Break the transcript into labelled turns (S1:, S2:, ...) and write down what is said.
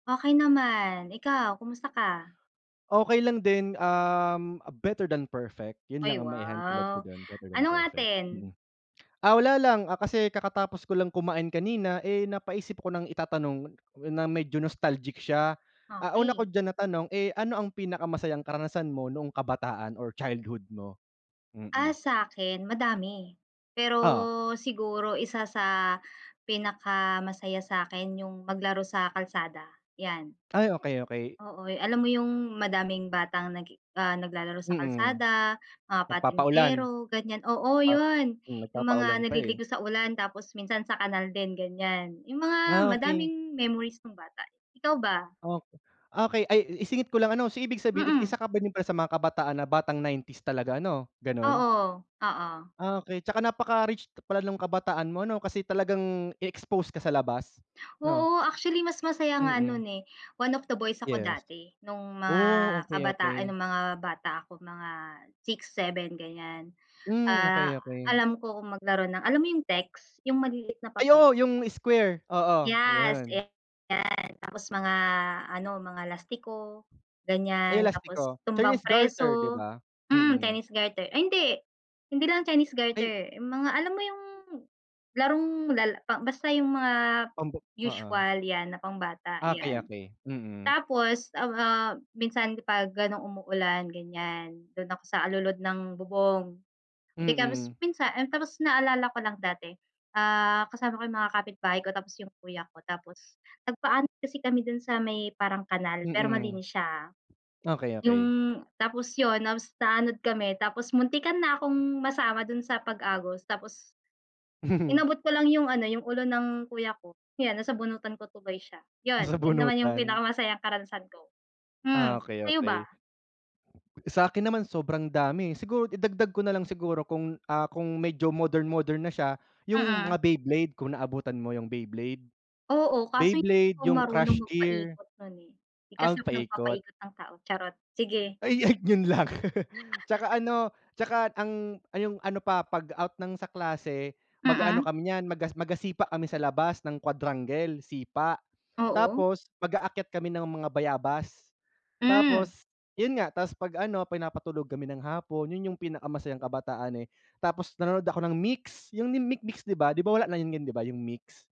S1: Okey naman, ikaw kumusta ka?
S2: Okey lang din, um, better than perfect, 'yun
S1: Ay
S2: lang ang maihahalintulad ko
S1: wow,
S2: do'n, better than
S1: anong
S2: perfect,
S1: atin?
S2: mm. Ah, wala lang, ah, kasi kakatapos ko lang kumain kanina, eh, napaisip ko ng itatanong na medyo nostalgic siya. Ah, una ko
S1: Okey.
S2: diyan na tanong, eh, ano ang pinakamasayang karanasan mo noong kabataan or childhood mo?
S1: Ah,
S2: Mm.
S1: sa'kin madami, pero
S2: Oo.
S1: siguro isa sa pinakamasaya sa'kin 'yung maglaro sa kalsada 'yan.
S2: Ay, okey, okey.
S1: Oo, alam mo 'yung madaming batang nag ah, naglalaro sa
S2: Mm,
S1: kalsada, mga
S2: nagpapaulan.
S1: patintero ganiyan, oo
S2: Pap
S1: 'yun,
S2: hmm,
S1: 'yung mga
S2: nagpapaulan pa eh.
S1: naliligo sa ulan, tapos minsan sa kanal din ganiyan. 'Yung mga
S2: Ah, okey.
S1: madaming memories no'ng bata. Ikaw ba?
S2: Ok okey, ay isingit ko lang ano, so ibig sabihin
S1: Mm.
S2: isa ka ba din sa mga kabataan na batang 90s talaga 'no, gano'n?
S1: Oo, oo.
S2: Ah, okey, tsaka napaka-rich pala no'ng kabataan mo 'no, kasi talagang i-expose ka sa labas 'no?
S1: Oo, actually mas masaya nga
S2: Mm.
S1: no'n, eh, one of the boys ako
S2: Yes.
S1: dati, no'ng mga
S2: Oh, okey,
S1: kabataan ay
S2: okey.
S1: no'ng mga bata ako mga 6, 7 ganiyan.
S2: Hmm,
S1: Ah,
S2: okey, okey.
S1: alam ko kung maglaro ng, alam mo 'yung text, 'yung maliliit na
S2: Ay,
S1: papel?
S2: oo. 'Yung square, oo,
S1: Yes,
S2: 'yun.
S1: eh, 'yan. Tapos mga ano, mga lastiko
S2: Ay 'yung
S1: ganiyan. Tapos
S2: lastiko,
S1: tumbang
S2: Chinese garter 'di
S1: preso,
S2: ba?
S1: mm,
S2: Mm.
S1: Chinese garter, ay hindi hindi lang Chinese
S2: Ay.
S1: garter, mga alam mo 'yung larong lala basta 'yung mga
S2: Pamba oo.
S1: usual 'yan na pambata
S2: Okey,
S1: 'yan.
S2: okey, mm.
S1: Tapos, a ah, minsan pag gano'n umuulan ganiyan, do'n ako sa alulod ng bubong. Pakatapos
S2: Mm.
S1: minsan, tapos naalala ko lang dati, ah, kasama ko 'yung mga kapitbahay ko, tapos 'yung kuya ko, tapos nagpaanod kasi kami do'n sa may parang kanal pero
S2: Mm.
S1: malinis siya, ah.
S2: Okey,
S1: 'Yung
S2: okey.
S1: tapos 'yun na naanod kami tapos muntikan na akong masama do'n sa pag-agos tapos Inabot ko lang 'yung ano, 'yung ulo ng kuya ko,' yan nasabunutan ko tuloy siya. 'Yun, 'yun naman 'yung
S2: Nasabunutan.
S1: pinakamasayang karanasan ko. Hmm,
S2: Ah, okey
S1: sa'yo
S2: okey.
S1: ba?
S2: Sa'kin naman sobrang dami, eh, siguro idagdag ko nalang siguro kung, ah, kung medyo modern modern na siya 'yung mga
S1: Mm.
S2: Beyblade kung naabutan mo 'yung Beyblade.
S1: Oo, kaso hindi ako
S2: Beyblade, 'yung
S1: marunong
S2: Crush Gear.
S1: magpaikot no'n, eh. 'Di
S2: Ah,
S1: kasi ako
S2: paikot.
S1: nagpapaikot ng tao, charot, sige.
S2: Ay ay, 'yun lang. Tsaka ano, tsaka ang 'yung ano pa pag-out ng sa klase, mag-aano
S1: Mm.
S2: kami niyan maga magasipa kami sa labas, ng quadrangle, sipa.
S1: Oo.
S2: Tapos mag-aakyat kami ng mga bayabas.
S1: Hmm.
S2: Tapos 'yun nga, tas pag-ano pinapatulog kami ng hapon, 'yun 'yung pinakamasayang kabataan, eh. Tapos nanonood ako ng Mix, 'yung Mix Mix 'di ba, di ba, wala na 'yun 'di ba 'yung Mix?